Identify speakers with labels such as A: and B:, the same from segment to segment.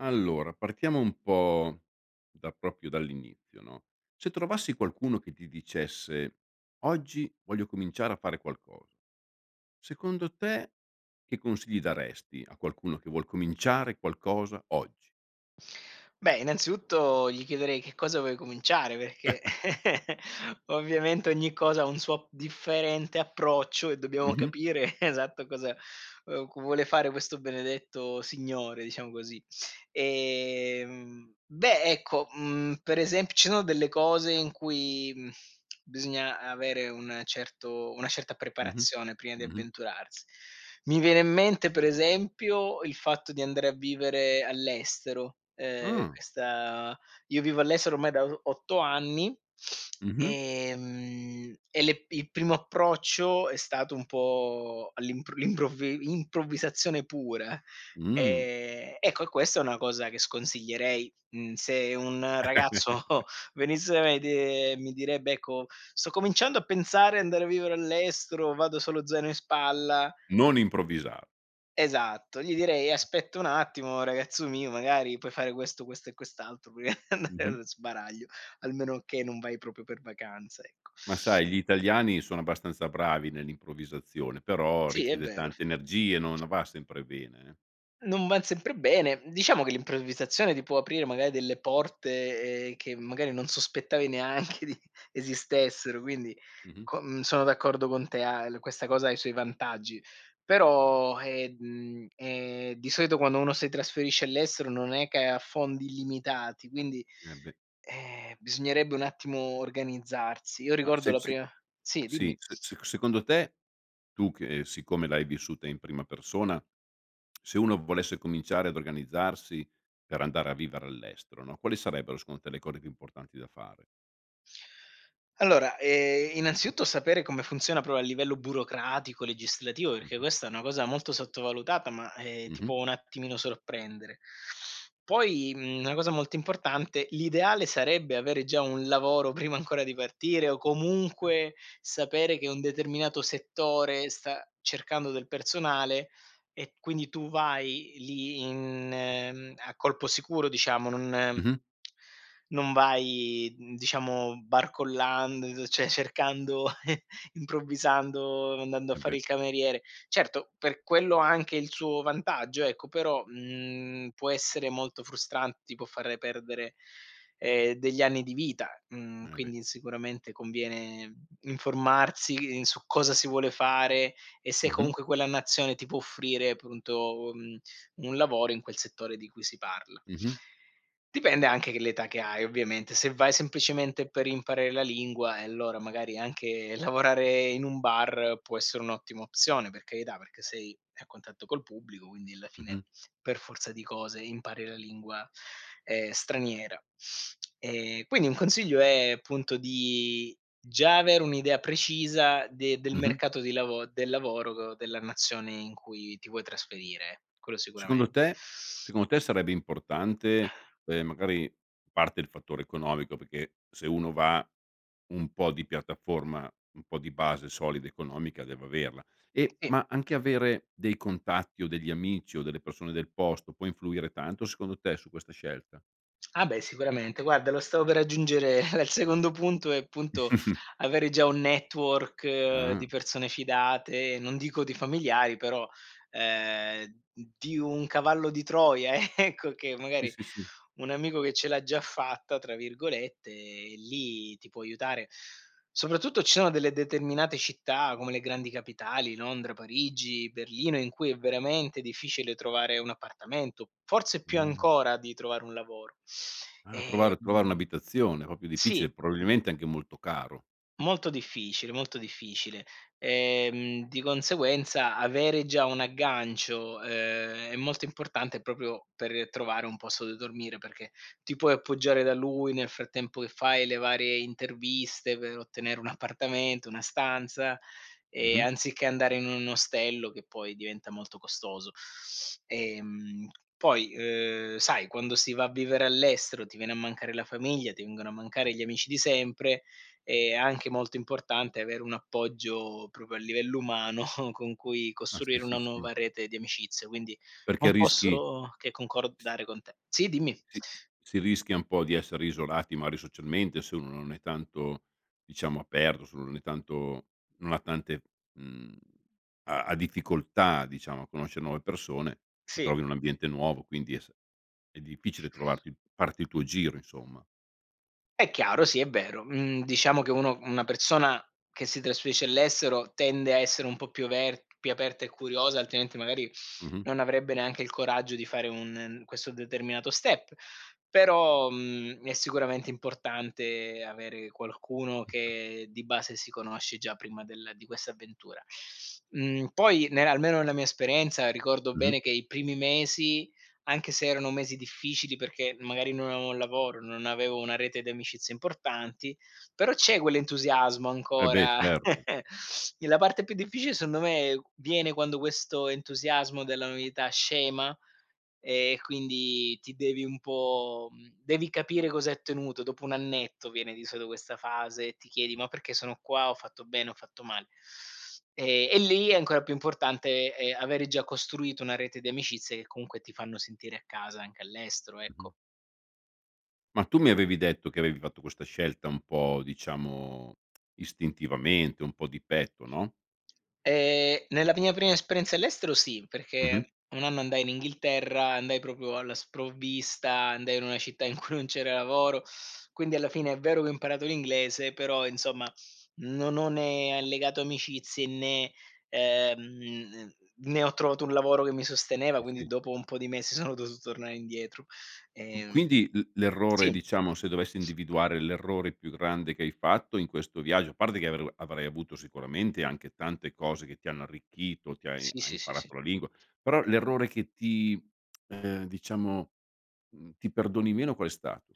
A: Allora, partiamo un po' da proprio dall'inizio, no, se trovassi qualcuno che ti dicesse: "Oggi voglio cominciare a fare qualcosa." Secondo te che consigli daresti a qualcuno che vuol cominciare qualcosa oggi?
B: Beh, innanzitutto gli chiederei che cosa vuoi cominciare, perché ovviamente ogni cosa ha un suo differente approccio e dobbiamo
A: Mh-mh.
B: capire esatto, cosa c vuole fare questo benedetto signore diciamo così ehm, beh ecco ,mhmm, per ese ci sono delle cose in cui bisogna avere un certo una certa
A: Mh-mh.
B: preparazione prima di
A: Mh-mh.
B: avventurars mi viene in mente per esempio il fatto di andare a vivere all'estero, ehm,
A: Mh.
B: questa io vivo all'estero ormai da o 8 anni,
A: Mh-mh.
B: ehm e le il primo approccio è stato un po' all'improv l'improvvi improvvisazione pura
A: Mh.
B: ehm ecco e questa è una cosa che sconsiglierei, mhmm, se un ragazzo venisse da me de e mi direbbe: "Ecco sto cominciando a pensare andare a vivere all'estero, vado solo zaino in spalla."
A: Non improvvisa
B: Esatto, gli direi: "Aspetta un attimo ragazzo mio, magari puoi fare questo, questo e quest'altro prima di andare
A: Mh-mh.
B: allo sbaraglio almeno che non vai proprio per vacanza ecco."
A: Ma sai, gli italiani sono abbastanza bravi nell'improvvisazione, però
B: Sì è
A: richiede
B: vero.
A: tante energie no no va sempre bene, eh.
B: Non van sempre bene. Diciamo che l'improvvisazione ti può aprire magari delle porte, ehm, che magari non sospettavi neanche di esistessero quindi
A: Mh-mh.
B: co sono d'accordo con te a el questa cosa ha i suoi vantaggi però eh, mhmm, è di solito quando uno si trasferisce all'estero non è che ha fondi illimitati quindi,
A: Eh, beh.
B: eh, bisognerebbe un attimo organizzarsi. Io
A: Ma
B: ricordo
A: se
B: la
A: se
B: prima sì dimmi.
A: sì, se se secondo te, tu che siccome l'hai vissuta in prima persona, se uno volesse cominciare ad organizzarsi per andare a vivere all'estero, no, quali sarebbero secondo te le cose più importanti da fare?
B: Allora ehm, innanzitutto sapere come funziona proprio a livello burocratico, legislativo, perché
A: Mh-mh.
B: questa è una cosa molto sottovalutata ma, eh, ti
A: Mh-mh.
B: può un attimino sorprendere. Poi, mhmm, una cosa molto importante: l'ideale sarebbe avere già un lavoro prima ancora di partire o
A: Chia
B: comunque sapere che un determinato settore sta cercando del personale e quindi tu vai lì in mhmm a colpo sicuro diciamo non
A: Mh-mh.
B: non vai diciamo barcollando cioè cercando improvvisando, andando a
A: Eh,
B: fare
A: beh.
B: il cameriere. Certo per quello anche il suo vantaggio ecco però, mhmm, può essere molto frustrante, ti può fare perdere, ehm, degli anni di vita, mhmm,
A: Eh, beh.
B: quindi sicuramente conviene, mhmm, informarsi su cosa si vuole fare e se
A: Mh-mh.
B: comunque quella nazione ti può offrire appunto u mhmm, un lavoro in quel settore di cui si parla.
A: Mh-mh.
B: Dipende anche che l'età che hai ovviamente. Se vai semplicemente per imparare la lingua e allora magari anche lavorare in un bar può essere un'ottima opzione, per carità, perché sei a contatto col pubblico quindi alla fine
A: Mh-mh.
B: per forza di cose impari la lingua, ehm, straniera e quindi un consiglio è appunto di già avere un'idea precisa de del
A: Mh-mh.
B: mercato di lavo del lavoro della nazione in cui ti vuoi trasferire, quello
A: Secondo
B: sicuramen
A: te secondo te sarebbe importante, ehm, magari parte il fattore economico perché, se uno va un po' di piattaforma, un po' di base solida economica deve averla e
B: Sì.
A: ma anche avere dei contatti, o degli amici o delle persone del posto, può influire tanto secondo te su questa scelta?
B: Ah beh sicuramente, guarda lo stavo per aggiungere era il secondo punto è appunto avere già un network di
A: Ah.
B: persone fidate, non dico di familiari, però ehm di un cavallo di Troia, ecco, che
A: Sì,
B: magari
A: sì, sì.
B: un amico che "ce l'ha già fatta", tra virgolette, lì ti può aiutare. Soprattutto, ci sono delle determinate città come le grandi capitali, Londra, Parigi, Berlino, in cui è veramente difficile trovare un appartamento, forse più
A: Mh.
B: ancora di trovare un lavoro
A: Ah, trovare trovare
B: ehm
A: un'abitazione proprio
B: sì.
A: difficile, probabilmente anche molto caro.
B: Molto difficile, molto difficile ehm, di conseguenza avere già un aggancio, ehm, è molto importante proprio per trovare un posto dove dormire perché ti puoi appoggiare da lui nel frattempo che fai le varie interviste, per ottenere un appartamento, una stanza e
A: Mh-mh.
B: anziché andare in un ostello che poi diventa molto costoso. Ehm, poi, uhm, sai, quando si va a vivere all'estero ti viene a mancare la famiglia, ti vengono a
A: Mh.
B: mancare gli amici di sempre, è anche molto importante avere un appoggio proprio a livello umano con cui
A: Ah, sì,
B: costruire
A: sì,
B: una
A: s
B: nuova rete di amicizia quindi
A: Perché
B: non
A: rischi
B: posso che concordare con te sì dimmi.
A: Si s si rischia un po' di essere isolati magari socialmente, se uno non è tanto, diciamo, aperto se non è tanto non ha tante mhmm ha ha difficoltà diciamo a conoscere nuove persone, si trova
B: Sì.
A: in un ambiente nuovo quindi eh è s è difficile trovarti farti il tuo giro insomma.
B: È chiaro, sì è vero, mhmm, diciamo che uno una persona che si trasferisce all'estero tende a essere un po' più aver più aperta e curiosa altrimenti magari
A: Mh-mh.
B: non avrebbe neanche il coraggio di fare un questo determinato step però, mhmm, è sicuramente importante avere qualcuno che di base si conosce già prima del di questa avventura, mhmm, poi ne almeno la mia esperienza ricordo
A: Mh-mh.
B: bene che i primi mesi, anche se erano mesi difficili perché magari non avevo un lavoro, non avevo una rete di amicizia importanti, però c'è quell'entusiasmo
A: Eh, beh,
B: ancora
A: certo.
B: e la parte più difficile sondo me viene quando questo entusiasmo della novità scema e quindi ti devi un po' devi capire cosa hai ottenuto dopo un annetto, viene di solito questa fase e ti chiedi: "Ma perché sono qua, ho fatto bene ho fatto male?" E e lì è ancora più importante, ehm, avere già costruito una rete di amicizie che comunque ti fanno sentire a casa anche all'estero,
A: Mh-mh.
B: ecco.
A: Ma tu mi avevi detto che avevi fatto questa scelta un po' diciamo, istintivamente, un po' di petto, no?
B: Ehm, nella mia prima esperienza all'estero sì, perché
A: Mh-mh.
B: un anno andai in Inghilterra, andai proprio alla sprovvista, andai in una città in cui non c'era lavoro, quindi alla fine è vero che ho imparato l'inglese, però insomma non ho né allegato amicizie né, ehm, n ne ho trovato un lavoro che mi sosteneva
A: Sì,
B: quindi
A: sì.
B: dopo un po' di mesi sono dovuto tornare indietro,
A: Q
B: ehm
A: quindi l l'errore,
B: sì.
A: diciamo, se dovessi individuare l'errore più grande che hai fatto in questo viaggio a parte che avrei avrai avuto sicuramente anche tante cose che ti hanno arricchito ti hai
B: Sì,
A: hai
B: sì, sì, sì.
A: imparato la lingua però l'errore che ti, ehm diciamo mhmm, ti perdoni meno qual è stato?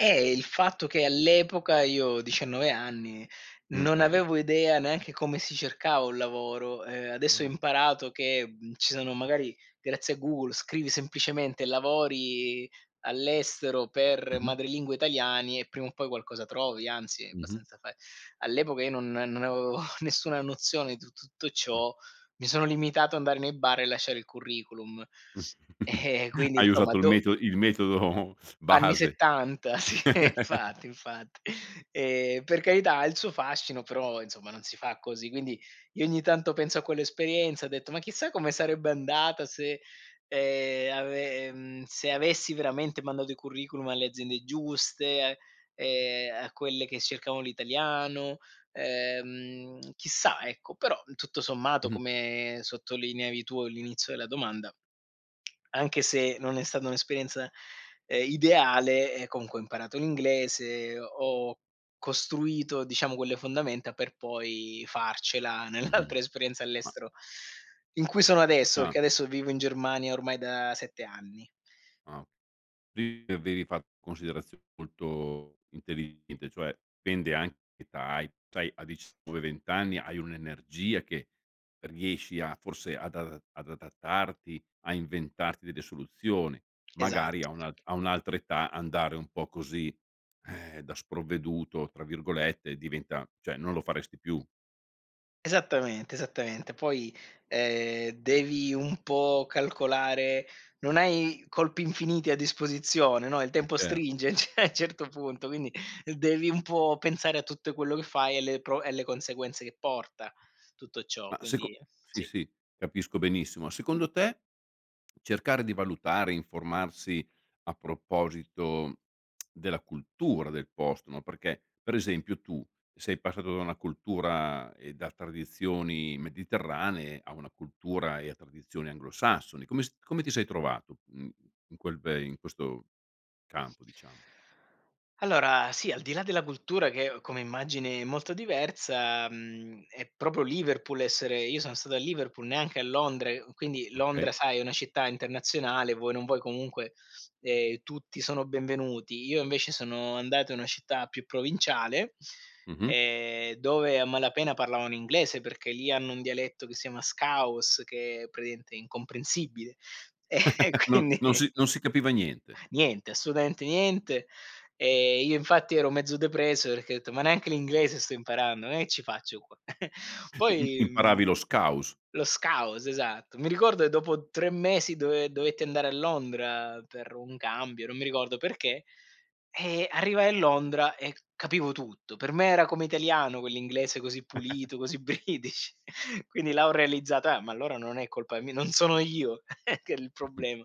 B: Eh, il fatto che all'epoca io, 19 anni
A: Mh,
B: non
A: è ve
B: avevo idea neanche come si cercava un lavoro, ehm, adesso ho
A: Ah.
B: imparato che ci sono magari, grazie a Google scrivi semplicemente lavori all'estero per
A: Mh-mh.
B: madrelingua italiani e prima o poi qualcosa trovi, anzi è
A: Mh-mh.
B: abbastanza fa all'epoca io non non avevo nessuna nozione di tut tutto
A: Mh.
B: ciò, mi sono limitato a andare nei bar e lasciare il curriculum eh e quindi
A: Hai
B: insomma
A: usato il
B: do
A: meto il metodo
B: Anni
A: base.
B: '70 sì infatti, infatti e per carità ha il suo fascino però insomma non si fa così, quindi, io ogni tanto penso a quell'esperienza, ho detto: "Ma chissà come sarebbe andata se ehm, ave ehm, se avessi veramente mandato i curriculum alle aziende giuste e a, ehm, a quelle che cercavano l'italiano ehm, chissà" Ecco però tutto sommato,
A: Mh-mh.
B: come sottolineavi tu all'inizio della domanda, anche se non è stata un'esperienza, ehm, ideale eh, comunque ho imparato l'inglese, ho costruito diciamo quelle fondamenta per poi farcela nell'altra
A: Mh-mh,
B: esperienza
A: ma
B: all'estero in cui sono adesso perché
A: Ah.
B: adesso vivo in Germania ormai da 7 anni.
A: Ah o quindi avevi fatto considerazioni molto intelligente cioè dipende anche da che età hai, sai a 19 20 anni hai un'energia che riesci a forse ad adat ad adattarti a inventarti delle soluzioni, magari
B: Esatto.
A: a un a un'altra età andare un po' così, eh, "da sprovveduto" tra virgolette diventa cioè non lo faresti più.
B: Esattamente, esattamente. Poi, ehm, devi un po' calcolare non hai colpi infiniti a disposizione, no? Il
A: Eh
B: tempo
A: cert
B: stringe, cioè a un certo punto, quindi devi un po' pensare a tutto quello che fai e le pro e le conseguenze che porta tutto ciò,
A: Ma
B: quindi
A: seco sì,
B: sì.
A: sì, capisco benissimo, secondo te cercare di valutare, informarsi a proposito della cultura del posto no, perché per esempio tu sei passato da una cultura e da tradizioni mediterranee a una cultura e a tradizioni anglosassoni. Come s come ti sei trovato? Mhmm, in quel ve in questo campo, diciamo?
B: Allora, sì, al di là della cultura che come immagini è molto diversa, mhmm, è proprio Liverpool essere io sono stato a Liverpool, neanche a Londra e quindi Londra,
A: Okay.
B: sai, è una città internazionale, vuoi non vuoi, comunque e tutti sono benvenuti, io invece sono andato in una città più provinciale,
A: Mh-mh.
B: ehm, dove a malapena parlavano inglese perché lì hanno un dialetto che si chiama scouse che praticamente è incomprensibile e e
A: Non
B: quindi
A: non si non si capiva niente.
B: niente, assolutamente niente e io infatti ero mezzo depresso, perché ho detto: "Ma neanche l'inglese sto imparando ma che ci faccio qua."
A: Im
B: Poi mhmm,
A: imparavi lo scouse.
B: lo scouse esatto. Mi ricordo che dopo 3 mesi dove dovetti andare a Londra per un cambio, non mi ricordo perché, eh arrivai a Londra e capivo tutto. Per me era come italiano quell'inglese così pulito, così British. Quindi là ho realizzato: "Eh, ma allora non è colpa mi non sono io che il problema"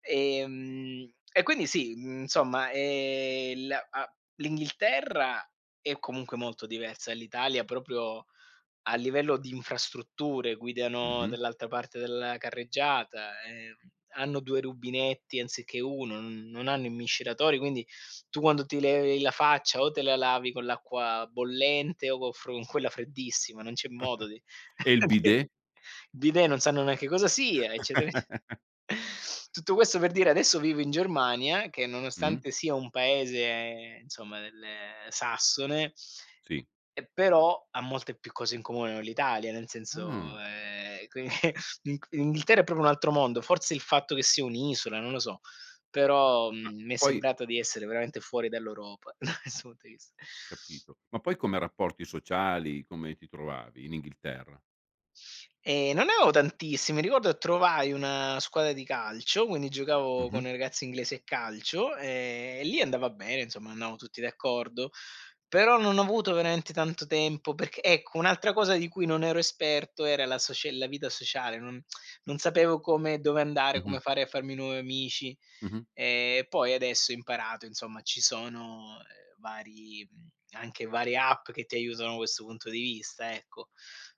B: ehm e quindi sì, insomma, ehm, la a l'Inghilterra è comunque molto diversa dall'Italia proprio a livello di infrastrutture, guidano
A: Mh-mh.
B: dall'altra parte della carreggiata, ehm, hanno 2 rubinetti anziché uno n non hanno i miscelatori quindi tu quando ti levi la faccia, o te la lavi con l'acqua bollente o con fro con quella freddissima non c'è modo
A: E il
B: il
A: bidet?
B: bidet non sanno neanche cosa sia, eccetera ecce tutto questo per dire adesso vivo in Germania, che
A: Mh.
B: nonostante sia un paese insomma del sassone.
A: Sì.
B: E però ha molte più cose in comune con l'Italia, nel senso,
A: Mh.
B: ehm, qui Ing Inghilterra è proprio un altro mondo, forse il fatto che sia un'isola, non lo so, però
A: Ma
B: mi è
A: poi
B: sembrato di essere veramente fuori dall'Europa. [unintelligible]
A: Capito. Ma poi come rapporti sociali, come ti trovavi in Inghilterra?
B: Ehm, non ne avevo tantissimi, ricordo che trovai una squadra di calcio, quindi giocavo con
A: Mh-mh.
B: i ragazzi inglesi a calcio e lì andava bene insomma, andavo tutti d'accordo, però non ho avuto veramente tanto tempo perc ecco un'altra cosa di cui non ero esperto era la socie la vita sociale non non sapevo come dove andare, come
A: Mh-mh.
B: fare a farmi nuovi amici
A: Mh-mh.
B: e poi adesso ho imparato, insomma, ci sono vari, mhmm, anche varie app che ti aiutano da questo punto di vista ecco,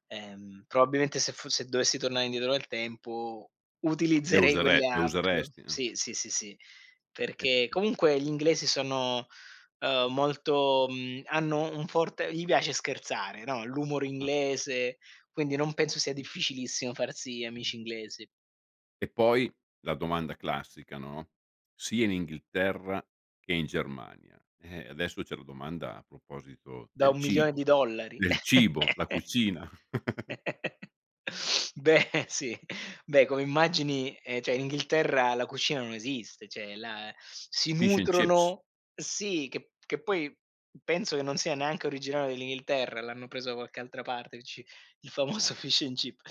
B: ehm, probabilmente se foss se dovessi tornare indietro nel tempo
A: Le
B: utilizzerei quelle
A: usere le
B: app
A: useresti, eh?
B: sì, sì, sì, perché
A: [unintelligible]
B: comunque gli inglesi sono, ehm, molto, mhmm hanno un forte gli piace scherzare no, l'humor
A: Ah.
B: inglese, quindi non penso sia
A: Mh.
B: difficilissimo farsi
A: Mh-mh.
B: amici inglesi.
A: E poi la domanda classica no? Sia in Inghilterra che in Germania. Eh adesso c'è la domanda a proposito
B: Da
A: del
B: un milione
A: cibo,
B: di dollari.
A: del cibo, la cucina.
B: Beh, sì, beh, come immagini ehm, cioè in Inghilterra la cucina non esiste, cioè là si
A: Fish& Chips.
B: nutrono sì che che poi penso che non sia neanche originale dell'Inghilterra l'hanno preso da qualche altra parte il ci il famoso Fish&Chips.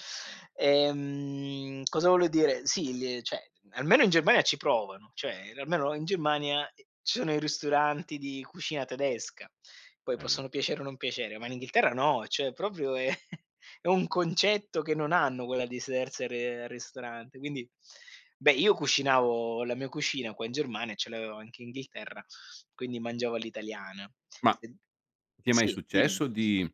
B: Ehm, cosa volevo dire? Sì, l cioè almeno in Germania ci provano, cioè almeno in Germania eh, ci sono i ristoranti di cucina tedesca, poi
A: Eh beh.
B: possono piacere o non piacere, ma in Inghilterra no, cioè proprio è è un concetto che non hanno quella di sedersi a r al ristorante quindi beh io cucinavo la mia cucina qua in Germania e ce l'avevo anche Inghilterra, quindi mangiavo all'italiana.
A: Ma
B: [unintelligible]
A: ti è mai
B: Sì dimmi.
A: successo di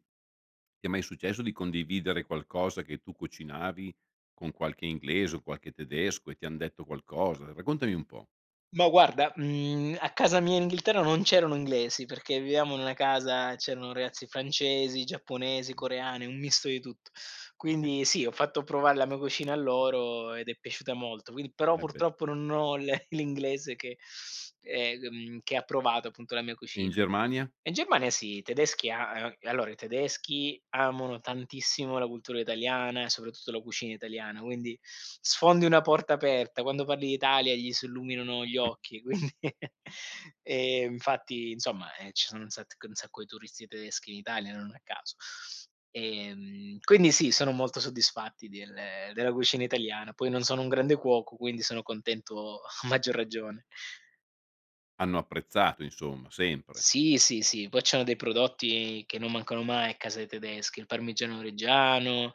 A: ti è mai successo di condividere qualcosa che tu cucinavi con qualche inglese, o qualche tedesco e ti han detto qualcosa? Raccontami un po'.
B: Ma guarda, mhmm, a casa mia Inghilterra non c'erano inglesi, perché vivevamo in una casa c'erano ragazzi francesi, giapponesi,
A: Mh.
B: coreani, un misto di tutto.
A: Okay.
B: Quindi sì, ho fatto provare la mia cucina a loro ed è piaciuta molto. Quindi, però
A: Eh beh.
B: purtroppo non ho le l'inglese che, ehm, che ha provato appunto la mia
A: E in
B: cucina.
A: Germania?
B: In Germania sì, i tedeschi a allora, i tedeschi amano tantissimo la cultura italiana e soprattutto la cucina italiana, quindi sfondi una porta aperta, quando parli d'Italia gli si illuminano gli
A: Hm.
B: occhi quindi, ehm, infatti insomma, ci sono un sat un sacco di turisti tedeschi in Italia non a caso. Ehm, quindi sì, sono molto soddisfatti del della cucina italiana, poi non sono un grande cuoco quindi sono contento a maggior ragione.
A: Hanno apprezzato insomma, sempre.
B: Sì, sì, sì, poi c'hanno dei prodotti che non mancano mai a casa dei tedeschi, il Parmigiano Reggiano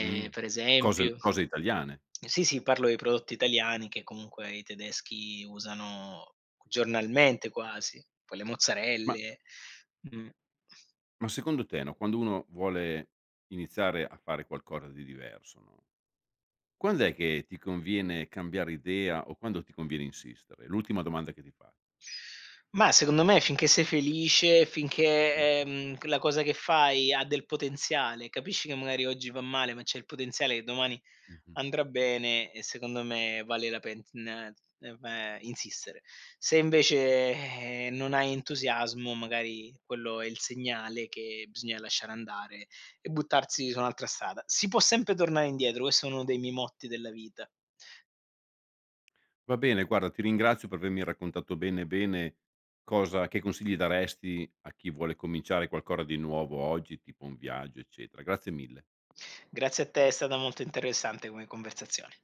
A: Mh,
B: per
A: cose
B: esempio
A: cose italiane?
B: sì, sì, parlo di prodotti italiani che comunque i tedeschi usano giornalmente quasi. Poi le
A: Ma
B: mozzarelle, mh.
A: ma secondo te no, quando uno vuole iniziare a fare qualcosa di diverso, no? Quand'è che ti conviene cambiare idea o quando ti conviene insistere? L'ultima domanda che ti fa
B: Mah, secondo me finché sei felice, finché,
A: Mh-mh.
B: ehm, la cosa che fai ha del potenziale, capisci che magari oggi va male ma c'è il potenziale che domani
A: Mh-mh.
B: andrà bene e secondo me vale la pena insistere. Se invece, eh, non hai entusiasmo magari quello è il segnale che bisogna lasciare andare e buttarsi su un'altra strada. Si può sempre tornare indietro. Questo è uno dei miei motti della vita.
A: Va bene guarda, ti ringrazio per avermi raccontato bene bene cosa che consigli daresti a chi vuole cominciare qualcosa di nuovo oggi, tipo un viaggio eccetera. Grazie mille.
B: Grazie a te, è stata molto interessante come conversazione.